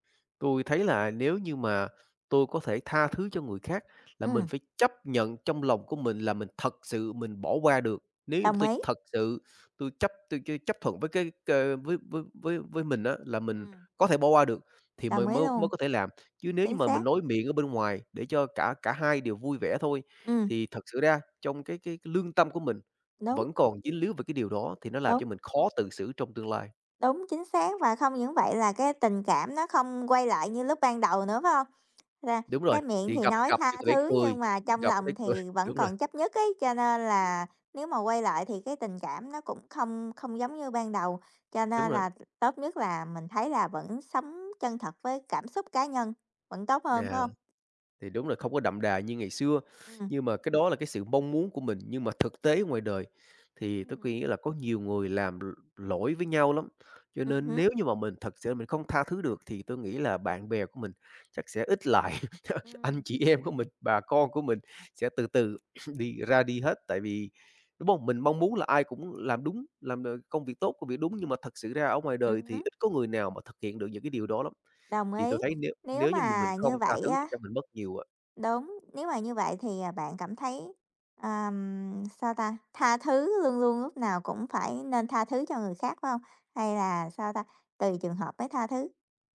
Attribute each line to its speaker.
Speaker 1: Tôi thấy là nếu như mà tôi có thể tha thứ cho người khác, là mình
Speaker 2: Ừm.
Speaker 1: phải chấp nhận trong lòng của mình là mình thật sự mình bỏ qua được. Nếu như mà
Speaker 2: Đồng
Speaker 1: tôi
Speaker 2: ý.
Speaker 1: thật sự, tôi chấp tôi ch chấp thuận với cái c với với với mình á, là mình
Speaker 2: Ừm.
Speaker 1: có thể bỏ qua được, thì
Speaker 2: Đồng
Speaker 1: mời
Speaker 2: ý
Speaker 1: mới mới
Speaker 2: luôn.
Speaker 1: có thể làm. Chứ nếu như
Speaker 2: Chính
Speaker 1: mà mình
Speaker 2: xác.
Speaker 1: nói miệng ở bên ngoài để cho cả cả hai đều vui vẻ thôi,
Speaker 2: Ừm.
Speaker 1: thì thật sự ra trong cái cái cái lương tâm của mình,
Speaker 2: Đúng.
Speaker 1: vẫn còn dính líu về cái điều đó thì nó làm cho
Speaker 2: Đúng.
Speaker 1: mình khó tự xử trong tương lai.
Speaker 2: Đúng, chính xác và không những vậy là cái tình cảm nó không quay lại như lúc ban đầu nữa phải hông? Ra
Speaker 1: Đúng rồi,
Speaker 2: cái miệng
Speaker 1: thì
Speaker 2: thì
Speaker 1: gặp
Speaker 2: nói
Speaker 1: gặp thì
Speaker 2: tha
Speaker 1: có thể
Speaker 2: thứ
Speaker 1: cười,
Speaker 2: nhưng mà trong
Speaker 1: gặp có thể
Speaker 2: lòng
Speaker 1: cười,
Speaker 2: thì vẫn
Speaker 1: đúng rồi.
Speaker 2: còn chấp nhất ấy, cho nên là nếu mà quay lại thì cái tình cảm nó cũng không không giống như ban đầu. Cho
Speaker 1: Đúng
Speaker 2: nên
Speaker 1: rồi.
Speaker 2: là tốt nhất là mình thấy là vẫn sống chân thật với cảm xúc cá nhân vẫn tốt hơn,
Speaker 1: Yeah,
Speaker 2: phải hông?
Speaker 1: thì đúng là không có đậm đà như ngày xưa,
Speaker 2: Ừm.
Speaker 1: nhưng mà cái đó là cái sự mong muốn của mình. Nhưng mà thực tế ngoài đời, thì
Speaker 2: Ưm
Speaker 1: tôi
Speaker 2: hứm.
Speaker 1: quý là có nhiều người làm l lỗi với nhau lắm, cho
Speaker 2: Ừm
Speaker 1: nên
Speaker 2: hứm.
Speaker 1: nếu như mà mình thật sự là mình không tha thứ được thì tôi nghĩ là bạn bè của mình, chắc sẽ ít lại, anh
Speaker 2: Ừm.
Speaker 1: chị em của mình, bà con của mình sẽ từ từ đi ra đi hết. Tại vì đúng bông, mình mong muốn là ai cũng làm đúng, làm, ờ, công việc tốt, công việc đúng nhưng mà thực sự ra ở ngoài đời
Speaker 2: Ừm
Speaker 1: thì
Speaker 2: hứm.
Speaker 1: ít có người nào mà thực hiện được những cái điều đó lắm.
Speaker 2: Đồng
Speaker 1: Thì tôi
Speaker 2: ý,
Speaker 1: thấy nếu
Speaker 2: nếu
Speaker 1: nếu như mà mình
Speaker 2: mà
Speaker 1: không
Speaker 2: như
Speaker 1: tha
Speaker 2: vậy
Speaker 1: thứ thì
Speaker 2: á
Speaker 1: chắc mình mất nhiều a.
Speaker 2: đúng, nếu mà như vậy thì, à, bạn cảm thấy, ờm, sao ta? Tha thứ, luôn luôn lúc nào cũng phải nên tha thứ cho người khác, phải hông? Hay là, sao ta? Tùy trường hợp mới tha thứ?